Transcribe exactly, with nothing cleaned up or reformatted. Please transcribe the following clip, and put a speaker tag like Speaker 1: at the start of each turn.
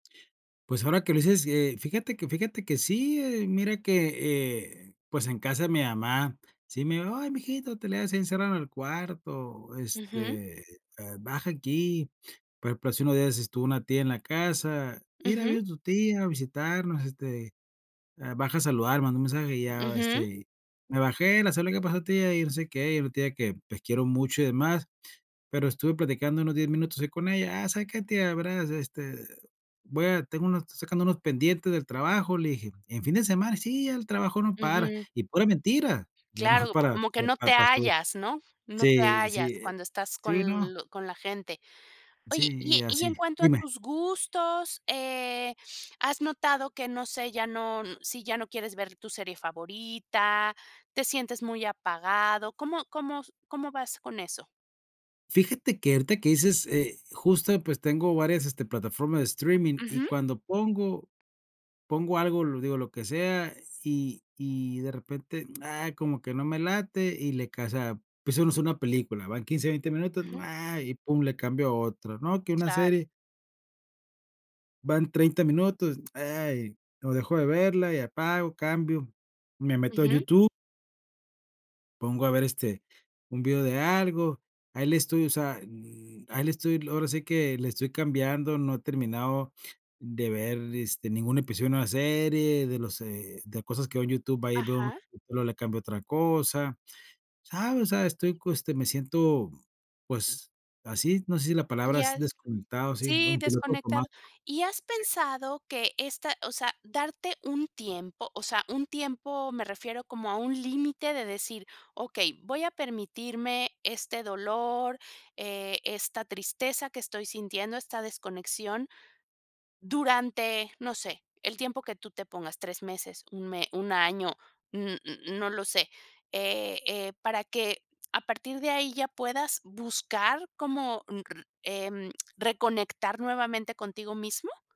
Speaker 1: Pues, ahora que lo dices, sí, eh, fíjate que fíjate que sí, ¿eh? Mira que, eh, pues, en casa de mi mamá, sí me dijo: "¡Ay, mi hijito, te le has encerrado en el cuarto",
Speaker 2: Ujú.
Speaker 1: este, eh, "baja aquí!". Por ejemplo, hace unos días es estuvo una tía en la casa, "Mira,
Speaker 2: Ujú.
Speaker 1: vino tu tía a visitarnos, este, eh, baja a saludar", mandó un mensaje y ya,
Speaker 2: Ujú.
Speaker 1: este y, me bajé, la saludé y: "¿Qué pasó tia?", y no sé qué, y una tía que, pues, quiero mucho y demás, pero estuve platicando unos diez minutos ahí con ella. "Ah, ¿sabe qué tia? Veras, este, voy a tengo unos sacando unos pendientes del trabajo", le dije. "¿En fin de semana?". "Sí, ya el trabajo no para",
Speaker 2: Ujú.
Speaker 1: y pura mentira, yo no
Speaker 2: Claro,
Speaker 1: para,
Speaker 2: como que no
Speaker 1: pa
Speaker 2: te
Speaker 1: pa so
Speaker 2: hallas, ¿no? No te
Speaker 1: sí, sí,
Speaker 2: hallas
Speaker 1: e
Speaker 2: cuando estás
Speaker 1: sí, ¿no?
Speaker 2: con lo con la gente. Oye,
Speaker 1: Sí,
Speaker 2: y
Speaker 1: y
Speaker 2: e y
Speaker 1: así
Speaker 2: en cuanto a
Speaker 1: dime.
Speaker 2: tus gustos, eh, ¿has notado que, no sé, ya no si ya no quieres ver tu serie favorita, te sientes muy apagado? ¿Cómo cómo s cómo vas con eso?
Speaker 1: Fíjate que, ahorita que dices, eh, justo, pues, tengo varias, este, plataformas de streaming, y
Speaker 2: Ujú.
Speaker 1: cuando pongo, pongo algo, digo lo que sea, y y de repente, ¡Ah! Como que no me late, y le casa empezamos una película, van quince, veinte,
Speaker 2: Ujú.
Speaker 1: ¡Ah! Y, pum, le cambio a otra, ¿no? Que una
Speaker 2: Claro.
Speaker 1: serie van treinta minutos, ¡Ay! O, dejo de verla y apago, cambio, me meto a
Speaker 2: Ujú.
Speaker 1: YouTube pongo a ver, este, un video de algo, ahí le estoy o sea, ahí le estoy, l ahora sí que le estoy cambiando, no he terminado de ver, este, ningún episodio de una serie, de los eh, de cosas que veo en YouTube, va y veo,
Speaker 2: Ajá.
Speaker 1: solo le cambio a otra cosa, ¿sabes? O sea, estoy coste me siento, mm, pues, así, no sé, si la
Speaker 2: Y
Speaker 1: palabra asi
Speaker 2: has
Speaker 1: desconectado sí,
Speaker 2: sí,
Speaker 1: un piloto
Speaker 2: desconectado.
Speaker 1: automático.
Speaker 2: ¿Y has
Speaker 1: Sí.
Speaker 2: pensado que esta o sea, darte un tiempo, o sea, un tiempo me refiero como a un límite de decir: "Okey, voy a permitirme este dolor, eh, esta tristeza que estoy sintiendo, esta desconexión", durante, no sé, el tiempo que tú te pongas, tres meses, un me un año, n n n no lo sé, eh eh, para que a partir de ahí ya puedas buscar como, un r em, reconectar nuevamente contigo mismo?